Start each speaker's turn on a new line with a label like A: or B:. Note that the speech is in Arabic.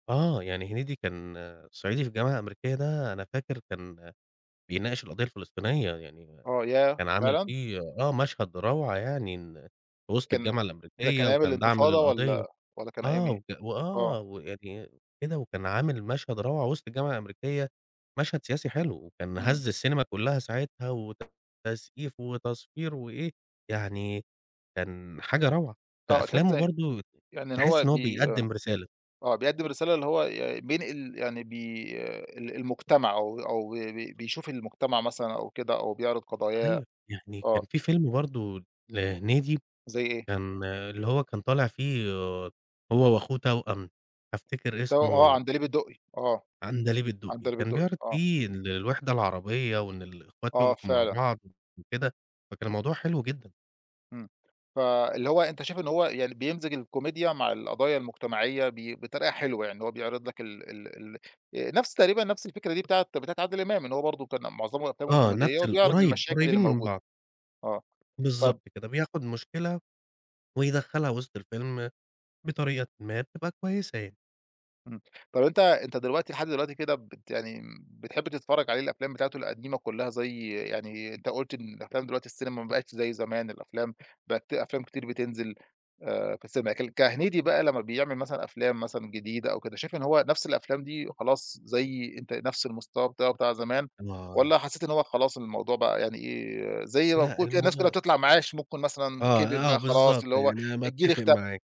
A: آه يعني هنيدي كان صعيدي في الجامعة الأمريكية ده، أنا فاكر كان بيناقش القضية الفلسطينية، يعني
B: آه ياه!
A: كان عامل
B: فعلًا؟
A: فيه آه مشهد روعة يعني، وسط
B: كان
A: الجامعة
B: ده كان
A: الأمريكية
B: أيام
A: وكان دعم
B: انتفاضة
A: للقضية،
B: والّا والّا كان أيام
A: آه،
B: إيه؟
A: وك
B: آه.
A: وآه ويعني إ كده وكان عامل مشهد روعة وسط الجامعة الأمريكية، مشهد سياسي حلو، وكان
B: إمم.
A: هز السينما كلها ساعتها وتصقيف وتصفير وإيه، يعني كان حاجة روعة.
B: آه تحس
A: فأفلامه
B: إ
A: برضو ت
B: يعني
A: تحس
B: هو
A: إن هو
B: بي آه،
A: بيقدم رسالة.
B: آه بيقدم رسالة اللي هو ي ي بينقل يعني بي ال المجتمع، أو أو بي بي بيشوف المجتمع مثلًا أو كده أو بيعرض قضاياه،
A: أيوه، يعني كان
B: آه.
A: في فيلم برضو لهنيدي
B: زي إيه؟
A: كان اللي هو كان طالع فيه آآ، هو وأخوه توأم، أفتكر
B: ت آه
A: اسمه
B: عندليب الدقي، آه،
A: عندليب الدقي،
B: عندليب
A: كان
B: الدقي،
A: بيعرض
B: آه.
A: في الوحدة العربية، وإن الأخوات
B: آه
A: يقفوا مع
B: فعلًا.
A: بعض وكده، فكان الموضوع حلو جدًا.
B: إمم فاللي هو أنت شايف إن هو يعني بيمزج الكوميديا مع القضايا المجتمعية، ب بطريقة حلوة يعني، هو بيعرض لك ال ال ال نفس تقريبًا نفس الفكرة دي بتاعة بتاعة عادل إمام، إن هو برضو كان معظمهم أفلامهم
A: آه
B: كوميدية
A: نفس ال
B: وبيعرض
A: قريب،
B: المشاكل
A: قريبين من
B: الموجودة،
A: بعض.
B: آه. طب
A: بالضبط كده بياخد مشكلة، ويدخلها وسط الفيلم بطريقةً ما، بتبقى كويسة يعني.
B: امم، طب أنت أنت دلوقتي لحد دلوقتي كده بت يعني بتحب تتفرج عليه الأفلام بتاعته القديمة كلها، زي يعني أنت قلت إن الأفلام دلوقتي السينما ما بقتش زي زمان، الأفلام بقت في أفلام كتير بتنزل، آآ، في السينما. ك كهنيدي بقى لما بيعمل مثلًا أفلام مثلًا جديدة أو كده، شايف إن هو نفس الأفلام دي خلاص زي أنت نفس المستوى بتاعه بتاع زمان؟
A: آه.
B: والّا حسيت إن هو خلاص الموضوع بقى يعني إيه، زي ما
A: لأ
B: بيكون الناس كلها
A: الموضوع
B: بتطلع معاش، ممكن مثلًا
A: آه،
B: كبِر
A: آه
B: بقى خلاص
A: بالضبط،
B: اللي هو
A: أنا
B: الجيل
A: باتفق
B: اختلف؟
A: معاك.